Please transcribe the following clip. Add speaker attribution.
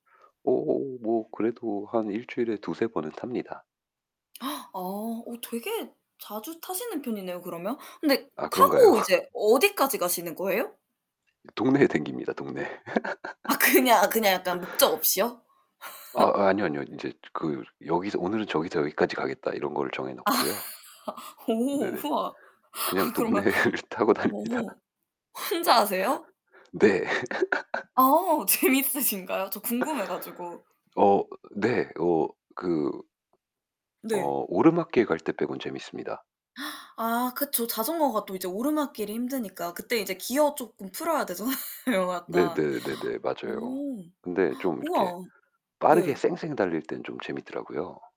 Speaker 1: 오 뭐 그래도 한 1 주일에 2-3 번은 탑니다.
Speaker 2: 아. 어 되게 자주 타시는 편이네요, 그러면. 근데
Speaker 1: 아 그런가요?
Speaker 2: 타고 이제 어디까지 가시는 거예요?
Speaker 1: 동네에 다닙니다, 동네에.
Speaker 2: 아, 그냥 그냥 약간 목적 없이요?
Speaker 1: 아, 아니요, 아니요. 인제 즈 그 여기서 '오늘은 저기서 여기까지 가겠다.' 이런 거를 정해
Speaker 2: 아.
Speaker 1: 놓고요.
Speaker 2: 오,
Speaker 1: 네네.
Speaker 2: 우와.
Speaker 1: 그냥
Speaker 2: 아 그러면
Speaker 1: 동네를 타고 다닙니다.
Speaker 2: 오 혼자 하세요?
Speaker 1: 네. 네.
Speaker 2: 아 재밌으신가요? 저 궁금해 가지고.
Speaker 1: 어 네. 어 그
Speaker 2: 네.
Speaker 1: 어 오르막길에 갈 때 빼고는 재밌습니다.
Speaker 2: 아 그쵸. 자전거가 또 이제 오르막길이 힘드니까 그때 이제 기어 쪼끔 풀어야 되잖아요, 약간.
Speaker 1: 네네네네. 맞아요.
Speaker 2: 어우.
Speaker 1: 근데 좀 이렇게
Speaker 2: 우와,
Speaker 1: 빠르게
Speaker 2: 네.
Speaker 1: 쌩쌩 달릴 땐 좀 재밌더라고요.